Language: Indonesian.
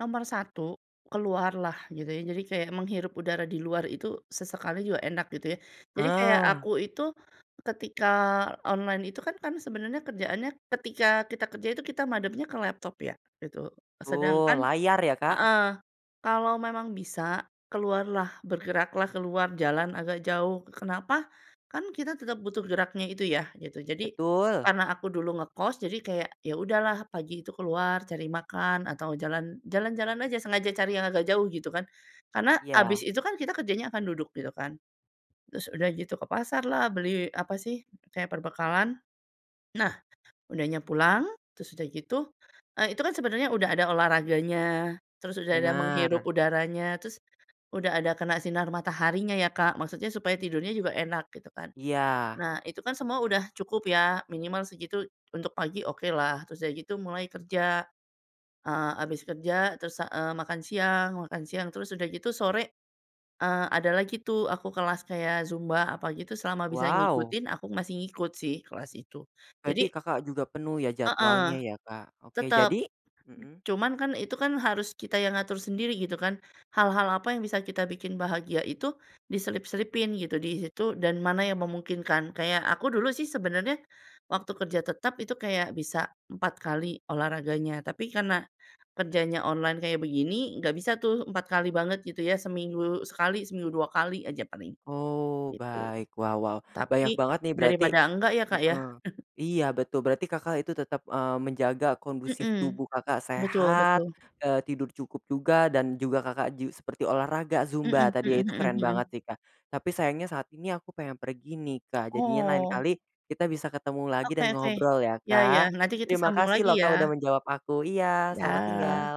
Nomor 1, keluarlah. Gitu, ya. Jadi kayak menghirup udara di luar itu sesekali juga enak gitu, ya. Jadi kayak Ah. aku itu ketika online itu kan kan, sebenarnya kerjaannya ketika kita kerja itu kita madepnya ke laptop, ya, gitu. Sedangkan Uh, layar, ya, Kak. heeh, kalau memang bisa, keluarlah, bergeraklah, keluar jalan agak jauh. Kenapa? Kan, kita tetap butuh geraknya itu, ya, gitu. Jadi Betul! karena aku dulu ngekos, jadi kayak, ya, udahlah pagi itu keluar cari makan atau jalan jalan-jalan aja, sengaja cari yang agak jauh gitu, kan. Karena Iya. abis itu, kan, kita kerjanya akan duduk gitu, kan. Terus udah gitu ke pasarlah, beli apa, sih, kayak perbekalan. Nah, udahnya pulang, terus udah gitu eee, itu, kan, sebenernya udah ada olahraganya, terus udah ada menghirup Benar. udaranya, terus udah ada kena sinar mataharinya, ya, Kak, maksudnya supaya tidurnya juga enak gitu kan. Iya. Nah itu, kan, semua udah cukup, ya, minimal segitu untuk pagi okelah. Terus udah gitu mulai kerja. Eee, abis kerja terus, eee, makan siang makan siang terus udah gitu sore, eee, ada lagi, tuh, aku kelas kayak Zumba apa gitu selama bisa Wow! ngikutin aku masih ngikut, sih, kelas itu Berarti jadi Kakak juga penuh, ya, Heeh, jadwalnya, ya, Kak. Oke tetep, jadi? Hmm. cuman, kan, itu, kan, harus kita yang ngatur sendiri gitu, kan, hal-hal apa yang bisa kita bikin bahagia itu diselip-selipin gitu di situ dan mana yang memungkinkan. Kayak aku dulu, sih, sebenarnya waktu kerja tetap itu kayak bisa 4 kali olahraganya, tapi karena kerjanya online kayak begini, nggak bisa, tuh, 4 kali banget gitu, ya, seminggu sekali seminggu 2 kali aja paling, Oh gitu. baik wow wow banyak Tapi banget, nih, berarti daripada enggak, ya, Kak, ya. hmm, iya betul berarti Kakak itu tetap, eee, menjaga kondusif Hmm, tubuh Kakak betul sehat, betul. eee, tidur cukup juga, dan juga Kakak ju seperti olahraga Hmm Zumba tadi, ya, hmm itu, hmm keren banget, hmm. nih, Kak. Tapi sayangnya saat ini aku pengen pergi, nih, Kak jadinya lain Oh. kali kita bisa ketemu lagi Oke dan oke, ngobrol, ya, ya ya, Kak. nanti kita Terima sambung kasih, lagi loh, Kak, udah ya! menjawab aku, iya selamat Dah. tinggal!